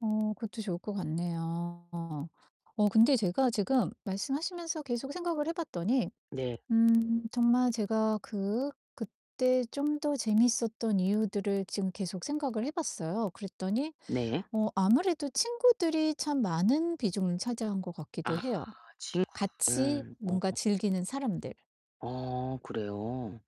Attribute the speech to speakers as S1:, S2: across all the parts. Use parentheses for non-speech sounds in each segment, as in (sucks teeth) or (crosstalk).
S1: 어 그것도 좋을 것 같네요. 어 근데 제가 지금 말씀하시면서 계속 생각을 해 봤더니
S2: 네.
S1: 음 정말 제가 그 그때 좀 더 재밌었던 이유들을 지금 계속 생각을 해 봤어요. 그랬더니
S2: 네.
S1: 어 아무래도 친구들이 참 많은 비중을 차지한 것 같기도
S2: 아
S1: 해요. 같이
S2: 친구들. 어.
S1: 뭔가 즐기는 사람들.
S2: 어 그래요?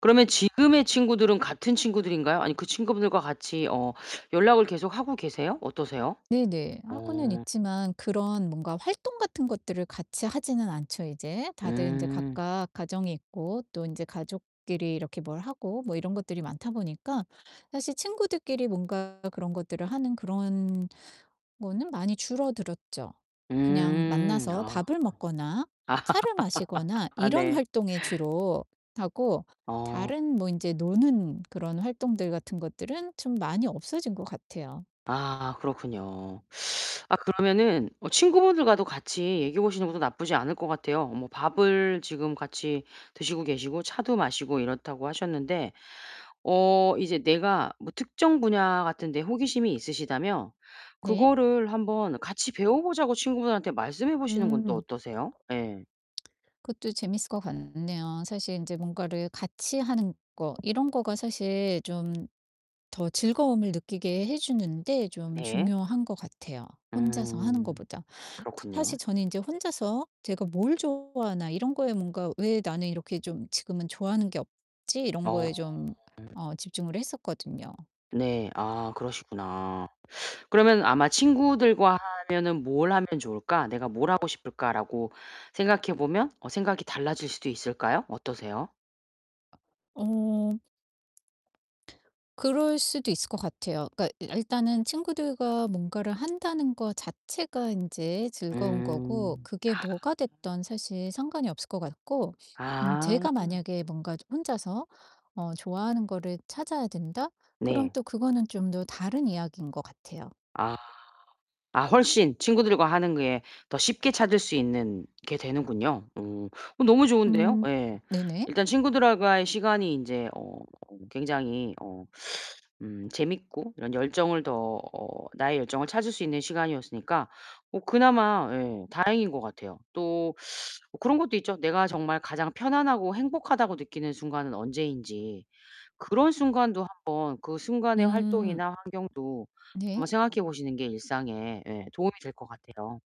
S2: 그러면 지금의 친구들은 같은 친구들인가요 아니면 그 친구분들과 같이 어 연락을 계속 하고 계세요? 어떠세요?
S1: 네네. 하고는
S2: 어.
S1: 있지만 그런 뭔가 활동 같은 것들을 같이 하지는 않죠, 이제. 다들 인제
S2: 음.
S1: 각각 가정이 있고 또 인제 가족끼리 이렇게 뭘 하고 뭐 이런 것들이 많다 보니까 사실 친구들끼리 뭔가 그런 것들을 하는 그런 거는 많이 줄어들었죠. 그냥
S2: 음.
S1: 만나서
S2: 아.
S1: 밥을 먹거나 차를
S2: (laughs)
S1: 마시거나
S2: 아
S1: 이런
S2: 네.
S1: 활동에 주로 하고
S2: 어.
S1: 다른 뭐 인제 노는 그런 활동들 같은 것들은 좀 많이 없어진 것 같아요.
S2: 아 그렇군요. (sucks teeth) 아 그러면은 어 친구분들과도 같이 얘기해 보시는 것도 나쁘지 않을 것 같아요. 뭐 밥을 지금 같이 드시고 계시고 차도 마시고 이렇다고 하셨는데 어 이제 내가 뭐 특정 분야 같은 데 호기심이 있으시다면
S1: 네.
S2: 그거를 한번 같이 배워 보자고 친구분한테 말씀해 보시는 건 또
S1: 음.
S2: 어떠세요? 예.
S1: 그것도 재밌을 것 같네요. 사실 인제 뭔가를 같이 하는 거 이런 거가 사실 좀 더 즐거움을 느끼게 해 주는 데 좀
S2: 네.
S1: 중요한 것 같아요, 혼자서 하는
S2: 음.
S1: 거보다. 사 사실
S2: 그렇군요.
S1: 저는 인제 혼자서 제가 '뭘 좋아하나.' 이런 거에 뭔가 '왜 나는 이렇게 좀 지금은 좋아하는 게 없지?' 이런
S2: 어.
S1: 거에 좀 어 집중을 했었거든요.
S2: 네. 아 그러시구나. 그러면 아마 '친구들과 하면은 뭘 하면 좋을까? 내가 뭘 하고 싶을까?'라고 생각해 보면 어 생각이 달라질 수도 있을까요? 어떠세요?
S1: 어. 그럴 수도 있을 것 같아요. 그러니까 아 일단은 친구들과 뭔가를 한다는 것 자체가 인제 즐거운 거고,
S2: 음.
S1: 그게
S2: 아.
S1: 뭐가 됐던 사실 상관이 없을 것 같고 음
S2: 아.
S1: 제가 만약에 뭔가 저 혼자서 어 '좋아하는 거를 찾아야 된다.' 그럼
S2: 네.
S1: 또 그거는 좀 더 다른 이야기인 것 같아요.
S2: 아. 아 훨씬 친구들과 하는 게 더 쉽게 찾을 수 있는 게 되는군요. 오. 어 너무 좋은데요
S1: 음.
S2: 예.
S1: 네네.
S2: 일단 친구들하 과의 시간이 인제 어 굉장히 어 음 재밌고 이런 열정을 더 어 나의 열정을 찾을 수 있는 시간이었으니까 뭐 그나마 예 다행인 것 같아요. 또 (sucks teeth) 어 그런 것도 있죠. 내가 정말 가장 편안하고 행복하다고 느끼는 순간은 언제인지 그런 순간도 한번 그 순간의
S1: 음.
S2: 활동이나 환경도
S1: 네.
S2: 한번 생각해 보시는 게 일상에 예 도움이 될 것 같아요.